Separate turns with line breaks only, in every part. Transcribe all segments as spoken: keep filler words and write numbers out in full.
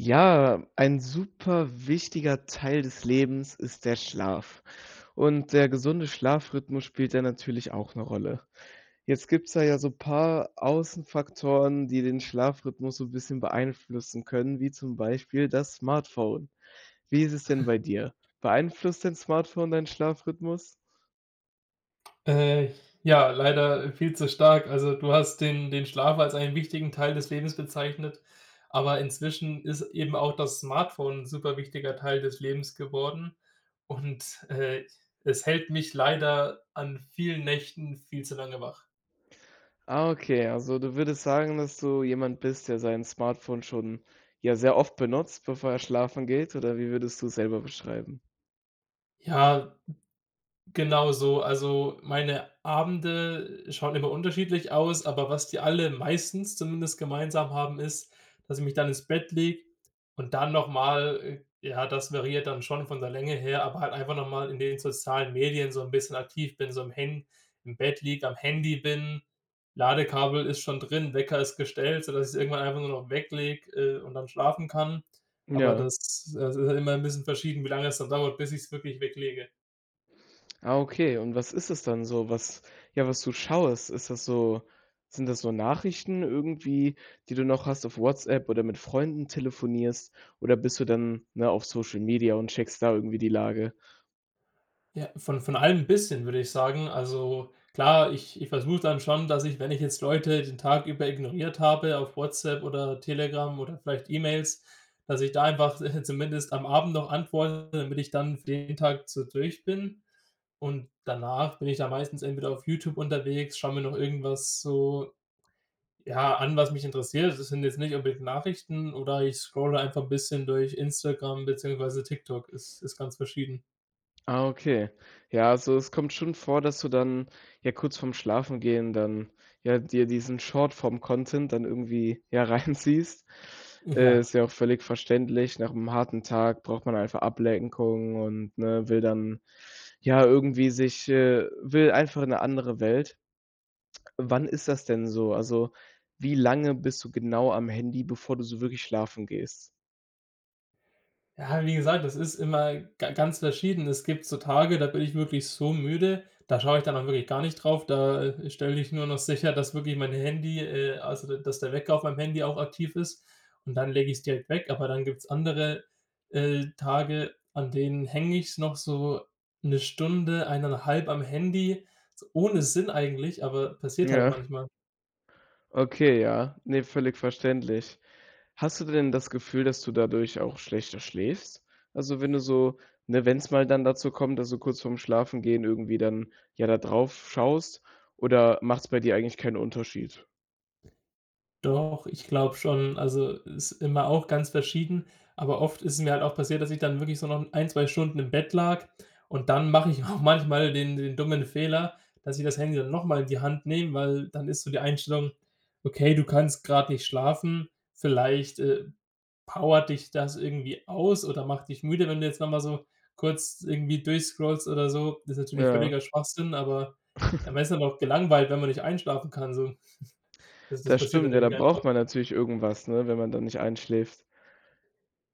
Ja. Ein super wichtiger Teil des Lebens ist der Schlaf. Und der gesunde Schlafrhythmus spielt da natürlich auch 'ne Rolle. Jetzt gibt's da ja so paar Aussenfaktoren, die den Schlafrhythmus so bisschen beeinflussen können, wie zum Beispiel das Smartphone. Wie ist es denn bei dir? Beeinflusst dein Smartphone deinen Schlafrhythmus?
Äh. Ja, leider viel zu stark. Also, du hast den den Schlaf als einen wichtigen Teil des Lebens bezeichnet. Aber inzwischen ist eben auch das Smartphone 'n super wichtiger Teil des Lebens geworden. Und, äh, es hält mich leider an vielen Nächten viel zu lange wach.
Ah, okay. Also, du würdest sagen, dass du jemand bist, der sein Smartphone schon, ja, sehr oft benutzt, bevor er schlafen geht, oder wie würdest du es selber beschreiben?
Ja, genau so. Also, meine Abende schauen immer unterschiedlich aus. Aber was die alle meistens zumindest gemeinsam haben, ist, dass ich mich dann ins Bett lege und dann noch mal, äh ja, das variiert dann schon von der Länge her, aber halt einfach noch mal in den sozialen Medien so 'n bisschen aktiv bin, so im Han im Bett liege, am Handy bin. Ladekabel ist schon drin, Wecker ist gestellt, sodass ich es irgendwann einfach nur noch weglege, äh, und dann schlafen kann. Aber
Ja.
das das ist halt immer 'n bisschen verschieden, wie lange es dann dauert, bis ich's wirklich weglege.
Ah, okay. Und was ist das dann so? Was ja, was du schaust, ist das so sind das so Nachrichten irgendwie, die du noch hast auf WhatsApp oder mit Freunden telefonierst? Oder bist du dann, ne, auf Social Media und checkst da irgendwie die Lage?
Ja, von von allem 'n bisschen, würde ich sagen. Also klar, ich ich versuche dann schon, dass ich, wenn ich jetzt Leute den Tag über ignoriert habe auf WhatsApp oder Telegram oder vielleicht E-Mails, dass ich da einfach, äh, zumindest am Abend noch antworte, damit ich dann für den Tag so durch bin. Und danach bin ich dann meistens entweder auf YouTube unterwegs, schaue mir noch irgendwas so, ja, an was mich interessiert. Also, das sind jetzt nicht unbedingt Nachrichten oder ich scrolle einfach 'n bisschen durch Instagram beziehungsweise TikTok, ist ist ganz verschieden.
Ah, okay. Ja, also, es kommt schon vor, dass du dann, ja, kurz vorm Schlafengehen, dann, ja, dir diesen Shortform Content dann irgendwie, ja, reinziehst? Äh,
Ja.
ist ja auch völlig verständlich. Nach 'nem harten Tag braucht man einfach Ablenkung und, ne, will dann, ja irgendwie sich, äh will einfach 'ne andere Welt. Wann ist das denn so? Also, wie lange bist du genau am Handy, bevor du so wirklich schlafen gehst?
Ja, wie gesagt, das ist immer ga ganz verschieden. Es gibt so Tage, da bin ich wirklich so müde. Da schaue ich dann auch wirklich gar nicht drauf. Da, äh, stelle ich nur noch sicher, dass wirklich mein Handy, äh also, da dass der Wecker auf meinem Handy auch aktiv ist. Und dann lege ich's direkt weg. Aber dann gibt's andere, äh, Tage, an denen hänge ich's noch so 'ne Stunde, eineinhalb am Handy ohne Sinn eigentlich, aber passiert halt
Ja.
manchmal.
Okay. Ja, ne, völlig verständlich. Hast du denn das Gefühl, dass du dadurch auch schlechter schläfst? Also, wenn du so ne, wenn's mal dann dazu kommt, dass du kurz vorm Schlafengehen irgendwie dann, ja, da drauf schaust, oder machts bei dir eigentlich keinen Unterschied?
Doch, ich glaube schon. Also, ist immer auch ganz verschieden, aber oft ist es mir halt auch passiert, dass ich dann wirklich so noch ein, zwei Stunden im Bett lag. Und dann mache ich auch manchmal den den dummen Fehler, dass ich das Handy dann nochmal in die Hand nehme, weil dann ist so die Einstellung: „Okay, du kannst grad nicht schlafen vielleicht, äh, powert dich das irgendwie aus oder macht dich müde, wenn du jetzt nochmal so kurz irgendwie durchscrollst oder so.“ Das ist natürlich
Ja.
völliger Schwachsinn, aber man ist dann auch gelangweilt, wenn man nicht einschlafen kann, so. Das das
Das
passiert dann
stimmt. Ja, da
irgendwie einfach.
braucht man natürlich irgendwas, ne, wenn man da nicht einschläft.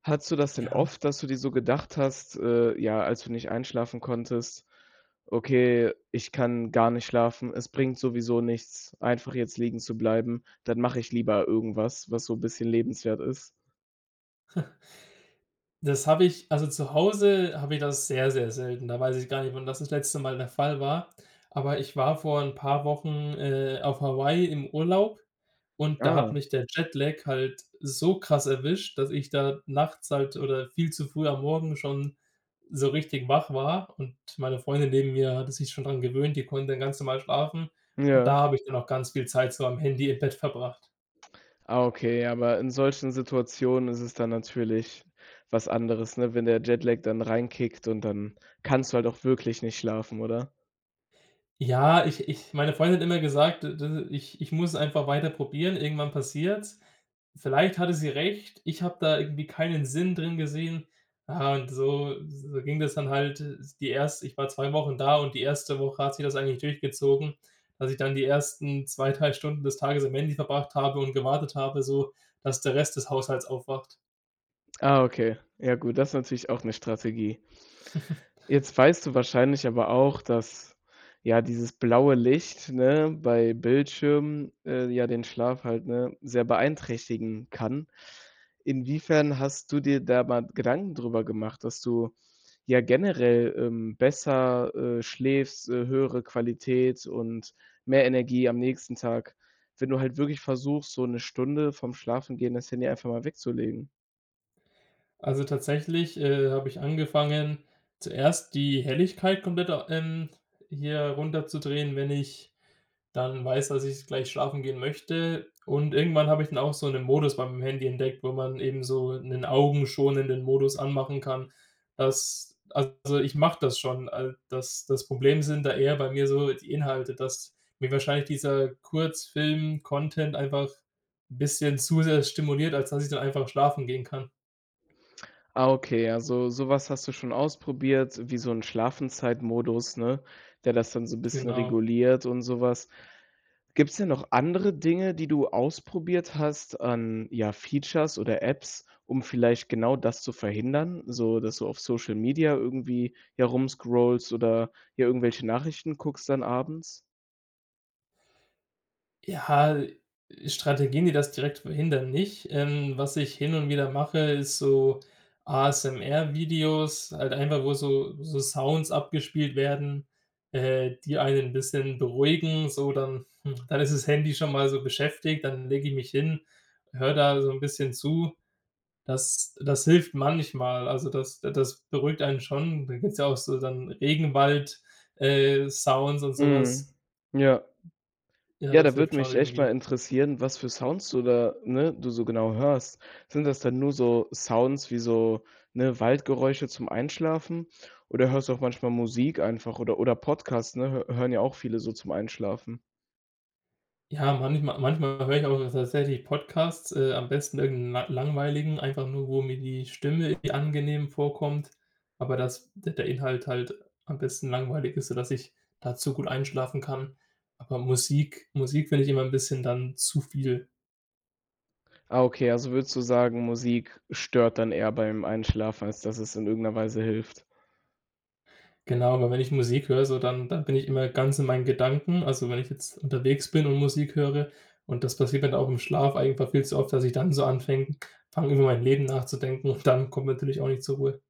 Hattest du das denn
Ja.
oft, dass du dir so gedacht hast, äh, ja, als du nicht einschlafen konntest: „Okay, ich kann gar nicht schlafen. Es bringt sowieso nichts, einfach jetzt liegen zu bleiben. Dann mache ich lieber irgendwas, was so bisschen lebenswert ist.“?
Das habe ich also, zu Hause habe ich das sehr, sehr selten. Da weiß ich gar nicht, wann das das letzte Mal der Fall war. Aber ich war vor 'n paar Wochen, äh, auf Hawaii im Urlaub und da hat
Ah.
mich der Jetlag halt so krass erwischt, dass ich da nachts halt oder viel zu früh am Morgen schon so richtig wach war und meine Freundin neben mir hatte sich schon daran gewöhnt, die konnte dann ganz normal schlafen. Und da
Ja.
habe ich dann auch ganz viel Zeit so am Handy im Bett verbracht.
Ah, okay, aber in solchen Situationen ist es dann natürlich was anderes. Ne, wenn der Jetlag dann reinkickt und dann kannst du halt auch wirklich nicht schlafen, oder?
Ja, ich ich meine Freundin hat immer gesagt, de de ich ich muss einfach weiter probieren, irgendwann passiert's. Vielleicht hatte sie recht. Ich habe da irgendwie keinen Sinn drin gesehen. Ja, und so so ging das dann halt s die erste ich war zwei Wochen da und die erste Woche hat sich das eigentlich durchgezogen, dass ich dann die ersten zwei, drei Stunden des Tages am Handy verbracht habe und gewartet habe, so, dass der Rest des Haushalts aufwacht.
Ah, okay, ja, gut. Das ist natürlich auch 'ne Strategie. Jetzt weißt du wahrscheinlich aber auch, dass, ja, dieses blaue Licht, ne, bei Bildschirmen, äh, ja, den Schlaf halt, ne, sehr beeinträchtigen kann. Inwiefern hast du dir da mal Gedanken drüber gemacht, dass du ja generell, ähm, besser, äh, schläfst, äh, höhere Qualität und mehr Energie am nächsten Tag, wenn du halt wirklich versuchst, so 'ne Stunde vorm Schlafengehen das Handy einfach mal wegzulegen?
Also, tatsächlich, äh, habe ich angefangen, zuerst die Helligkeit komplett au ähm, hier runterzudrehen, wenn ich dann weiß, dass ich gleich schlafen gehen möchte. Und irgendwann habe ich dann auch so 'nen Modus beim Handy entdeckt, wo man eben so 'nen augenschonenden Modus anmachen kann, dass also, ich mache das schon, al das das Problem sind da eher bei mir so die Inhalte, dass mir wahrscheinlich dieser Kurzfilm-Content einfach bisschen zu sehr stimuliert, als dass ich dann einfach schlafen gehen kann.
Ah, okay. Also, sowas hast du schon ausprobiert. Wie so 'n Schlafenzeit-Modus, ne, der das dann so 'n bisschen
Genau.
reguliert und sowas. Gibt's denn noch andere Dinge, die du ausprobiert hast, an ja, Features oder Apps, um vielleicht genau das zu verhindern, so dass du auf Social Media irgendwie, ja, rumscrollst oder, ja, irgendwelche Nachrichten guckst dann abends?
Ja, äh, Strategien, die das direkt verhindern, nicht. Ähm. Was ich hin und wieder mache, ist so ASMR-Videos halt einfach, wo so so Sounds abgespielt werden, äh, die einen 'n bisschen beruhigen. So dann, hm dann ist das Handy schon mal so beschäftigt. Dann lege ich mich hin. Höre da so 'n bisschen zu. Das das hilft manchmal, also das d das beruhigt einen schon. Da gibt's ja auch so dann Regenwald, äh, Sounds und so was.
Mhm. Ja.
Ja,
Ja,
das
da
hilft
würde
schon
mich echt
irgendwie.
mal interessieren, was für Sounds du da, ne du so genau hörst. Sind das dann nur so Sounds wie so, ne, Waldgeräusche zum Einschlafen? Oder hörst du auch manchmal Musik einfach oder oder Podcasts, ne? Hö hören ja auch viele so zum Einschlafen.
Ja, manchmal manchmal höre ich auch ta tatsächlich Podcasts, äh, am besten irgend 'n la langweiligen, einfach nur, wo mir die Stimme angenehm vorkommt. Aber dass d der Inhalt halt am besten langweilig ist, sodass ich dazu gut einschlafen kann. Aber Musik Musik finde ich immer 'n bisschen dann zu viel.
Ah, okay. Also, würdest du sagen: „Musik stört dann eher beim Einschlafen, als dass es in irgendeiner Weise hilft“.
Genau, aber wenn ich Musik höre, so dann dann bin ich immer ganz in meinen Gedanken. Also, wenn ich jetzt unterwegs bin und Musik höre und das passiert mir auch im Schlaf einfach viel zu oft, dass ich dann so anfäng fange über meinem Leben nachzudenken und dann komme ich natürlich auch nicht zur Ruhe.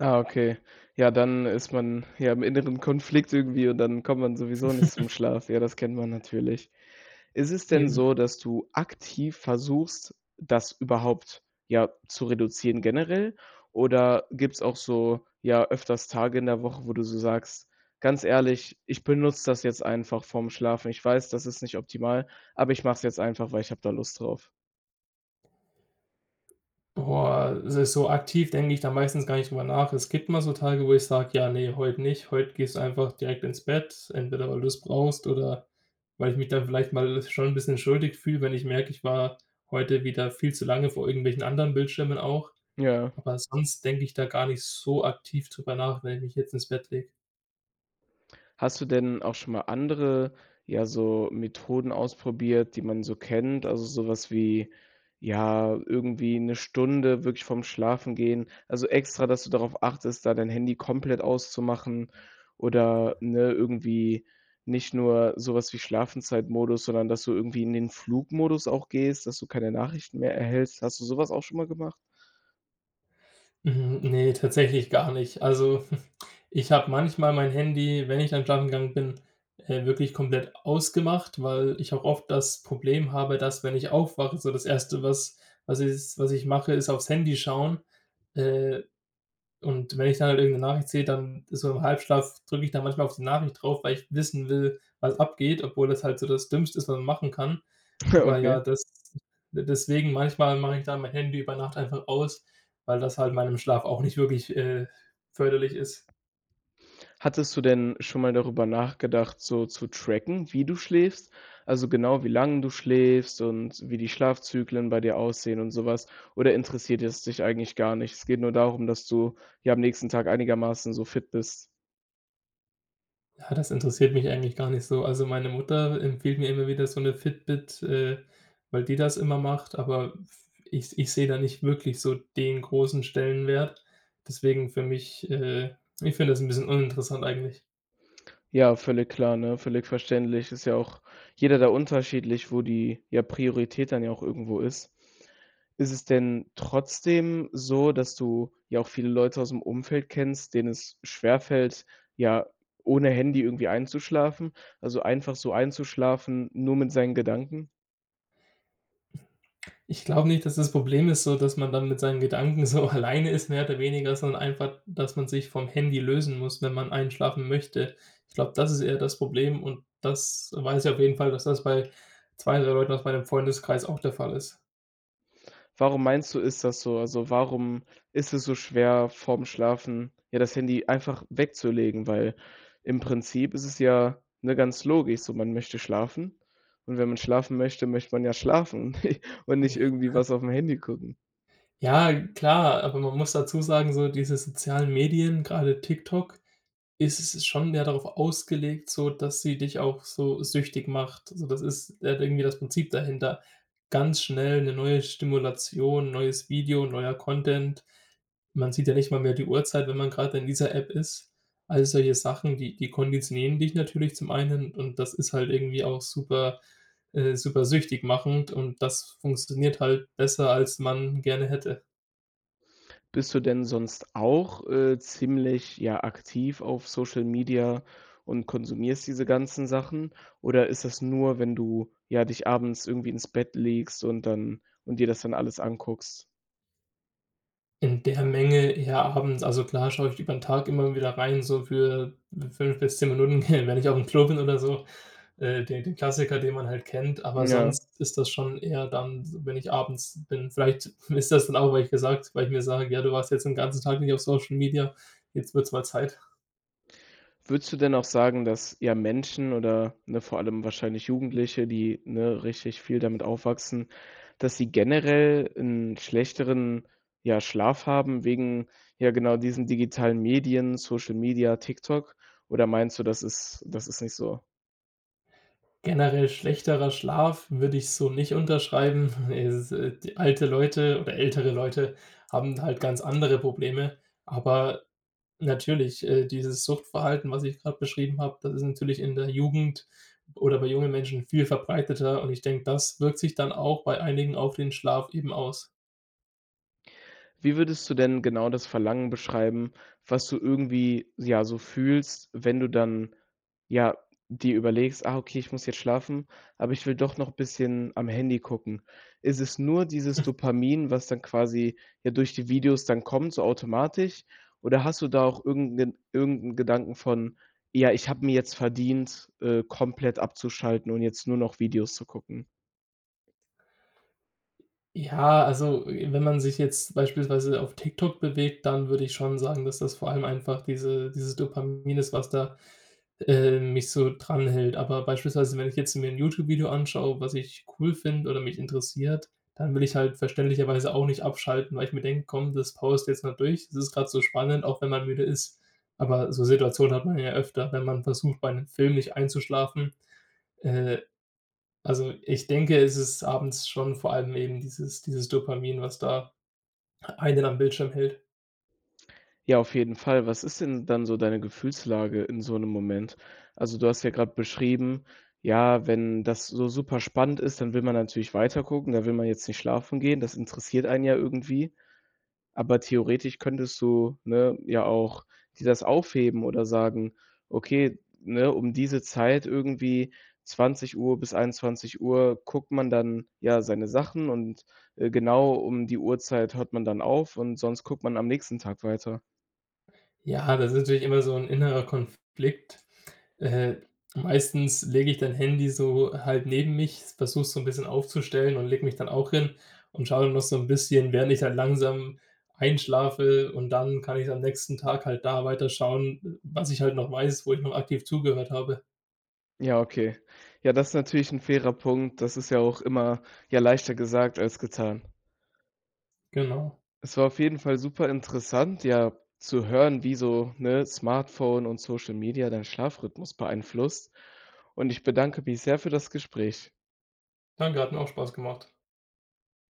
Ah, okay. Ja, dann ist man, ja, im inneren Konflikt irgendwie. Und dann kommt man sowieso nicht zum Schlaf. Ja, das kennt man natürlich. Ist es denn
Eben.
so, dass du aktiv versuchst, das überhaupt, ja, zu reduzieren generell? Oder gibt's auch so, ja, öfters Tage in der Woche, wo du so sagst: „Ganz ehrlich, ich benutze das jetzt einfach vorm Schlafen. Ich weiß, das ist nicht optimal, aber ich mache es jetzt einfach, weil ich habe da Lust drauf.“
Boah, s so aktiv denke ich da meistens gar nicht drüber nach. Es gibt mal so Tage, wo ich sage: „Ja, ne, heute nicht. Heute gehst du einfach direkt ins Bett.“ Entweder weil du's brauchst oder weil ich mich da vielleicht mal schon 'n bisschen schuldig fühle, wenn ich merke, ich war heute wieder viel zu lange vor irgendwelchen anderen Bildschirmen auch.
Ja.
Aber sonst denke ich da gar nicht so aktiv drüber nach, wenn ich mich jetzt ins Bett lege.
Hast du denn auch schon mal andere, ja, so Methoden ausprobiert, die man so kennt? Also, sowas wie, ja, irgendwie 'ne Stunde wirklich vorm Schlafengehen also, extra, dass du darauf achtest, da dein Handy komplett auszumachen oder, ne, irgendwie nicht nur sowas wie Schlafenszeitmodus, sondern dass du irgendwie in den Flugmodus auch gehst, dass du keine Nachrichten mehr erhältst. Hast du sowas auch schon mal gemacht?
Mhm, ne, tatsächlich gar nicht. Also, ich habe manchmal mein Handy, wenn ich dann schlafen gegangen bin, äh, wirklich komplett ausgemacht, weil ich auch oft das Problem habe, dass, wenn ich aufwache, so das Erste, was was s was ich mache, ist aufs Handy schauen. Äh, und wenn ich dann halt irgend 'ne Nachricht sehe, dann so im Halbschlaf drücke ich da manchmal auf die Nachricht drauf, weil ich wissen will, was abgeht, obwohl das halt so das Dümmste ist, was man machen kann. Aber ja,
Okay.
das d deswegen manchmal mache ich da mein Handy über Nacht einfach aus, weil das halt meinem Schlaf auch nicht wirklich äh, förderlich ist.
Hattest du denn schon mal darüber nachgedacht, so zu tracken, wie du schläfst? Also, genau wie lange du schläfst und wie die Schlafzyklen bei dir aussehen und sowas? Oder interessiert es dich eigentlich gar nicht? Es geht nur darum, dass du, ja, am nächsten Tag einigermaßen so fit bist?
Ja, das interessiert mich eigentlich gar nicht so. Also, meine Mutter empfiehlt mir immer wieder so 'ne Fitbit, äh, weil die das immer macht, aber f ich ich sehe da nicht wirklich so den großen Stellenwert. Deswegen für mich äh, ich finde das ein bisschen uninteressant eigentlich.
Ja, völlig klar, ne, völlig verständlich. Ist ja auch jeder da unterschiedlich, wo die, ja, Priorität dann ja auch irgendwo ist. Ist es denn trotzdem so, dass du ja auch viele Leute aus dem Umfeld kennst, denen es schwerfällt ja, ohne Handy irgendwie einzuschlafen also einfach so einzuschlafen, nur mit seinen Gedanken?
Ich glaube nicht, dass das Problem ist, so dass man dann mit seinen Gedanken so alleine ist, mehr oder weniger, sondern einfach, dass man sich vom Handy lösen muss, wenn man einschlafen möchte. Ich glaube, das ist eher das Problem und das weiß ich auf jeden Fall, dass das bei zwei, drei Leuten aus meinem Freundeskreis auch der Fall ist.
Warum meinst du, ist das so? Also, warum ist es so schwer, vorm Schlafen, ja, das Handy einfach wegzulegen? Weil im Prinzip ist es ja ne, ganz logisch so. Man möchte schlafen. Und wenn man schlafen möchte, möchte man ja schlafen und nicht
Ne.
irgendwie was auf dem Handy gucken.
Ja, klar, aber man muss dazu sagen, so diese sozialen Medien, gerade TikTok, ist ist schon mehr darauf ausgelegt, sodass sie dich auch so süchtig macht. Also, das ist, äh, irgendwie das Prinzip dahinter. Ganz schnell 'ne neue Stimulation, neues Video, neuer Content. Man sieht ja nicht mal mehr die Uhrzeit, wenn man gerade in dieser App ist. All solche Sachen, die die konditionieren dich natürlich zum einen, und das ist halt irgendwie auch super äh, super süchtig machend und das funktioniert halt besser, als man gerne hätte.
Bist du denn sonst auch, äh, ziemlich, ja, aktiv auf Social Media und konsumierst diese ganzen Sachen? Oder ist das nur, wenn du ja, dich abends irgendwie ins Bett legst und dann und dir das dann alles anguckst?
In der Menge eher Abends. Also klar, schaue ich über den Tag immer wieder rein, so für fünf bis zehn Minuten, wenn ich aufm Klo bin oder so, äh, den den Klassiker, den man halt kennt. Aber
Ja.
sonst ist das schon eher dann, wenn ich abends bin. Vielleicht ist das dann auch, weil ich gesagt weil ich mir sage: „Ja, du warst jetzt den ganzen Tag nicht auf Social Media. Jetzt wird's mal Zeit.“
Würdest du denn auch sagen, dass ja, Menschen oder ne vor allem wahrscheinlich Jugendliche, die, ne, richtig viel damit aufwachsen, dass sie generell 'n schlechteren ja, Schlaf haben wegen ja, genau diesen digitalen Medien, Social Media, TikTok. Oder meinst du, das ist das ist nicht so?
Generell schlechterer Schlaf würde ich so nicht unterschreiben. Es ist halt alte Leute oder ältere Leute haben halt ganz andere Probleme. Aber natürlich, äh, dieses Suchtverhalten, was ich gerade beschrieben habe. Das ist natürlich in der Jugend oder bei jungen Menschen viel verbreiteter. Und ich denke, das wirkt sich dann auch bei einigen auf den Schlaf eben aus.
Wie würdest du denn genau das Verlangen beschreiben, was du irgendwie ja so fühlst, wenn du dann ja dir überlegst: „Ah, okay, ich muss jetzt schlafen, aber ich will doch noch 'n bisschen am Handy gucken.“ Ist es nur dieses Dopamin, was dann quasi, ja, durch die Videos dann kommt so automatisch? Oder hast du da auch irgend 'nen irgend 'n Gedanken von: „Ja, ich habe mir jetzt verdient, äh, komplett abzuschalten und jetzt nur noch Videos zu gucken.“
Ja, also, äh, wenn man sich jetzt beispielsweise auf TikTok bewegt, dann würde ich schon sagen, dass das vor allem einfach diese dieses Dopamin ist, was da äh, mich so dran hält. Aber beispielsweise, wenn ich jetzt mir 'n YouTube-Video anschaue, was ich cool finde oder mich interessiert, dann will ich halt verständlicherweise auch nicht abschalten, weil ich mir denke: „Komm, das powerst du jetzt mal durch. Das ist gerade so spannend.“ Auch wenn man müde ist. Aber so Situationen hat man ja öfter, wenn man versucht, bei 'nem Film nicht einzuschlafen. Äh, also, ich denke, es ist abends schon vor allem eben dieses dieses Dopamin, was da einen am Bildschirm hält.
Ja, auf jeden Fall. Was ist denn dann so deine Gefühlslage in so 'nem Moment? Also, du hast ja gerade beschrieben: „Ja, wenn das so super spannend ist, dann will man natürlich weiter gucken. Da will man jetzt nicht schlafen gehen. Das interessiert einen ja irgendwie.“ Aber theoretisch könntest du, ne, ja auch dir das aufheben oder sagen: „Okay, ne, um diese Zeit irgendwie zwanzig Uhr bis einundzwanzig Uhr guckt man dann, ja, seine Sachen. Und, äh, genau um die Uhrzeit hört man dann auf und sonst guckt man am nächsten Tag weiter.“
Ja, das ist natürlich immer so 'n innerer Konflikt. Äh, meistens lege ich dann Handy so halt neben mich, s versuche so 'n bisschen aufzustellen und lege mich dann auch hin und schaue dann noch so 'n bisschen, während ich halt langsam einschlafe. Und dann kann ich am nächsten Tag halt da weiter schauen, w was ich halt noch weiß, wo ich noch aktiv zugehört habe.
Ja, okay. Ja, das ist natürlich 'n fairer Punkt. Das ist ja auch immer, ja, leichter gesagt als getan.
Genau.
Es war auf jeden Fall super interessant, ja, zu hören, wie so, ne, Smartphone und Social Media deinen Schlafrhythmus beeinflusst. Und ich bedanke mich sehr für das Gespräch.
Danke hat mir auch Spaß gemacht.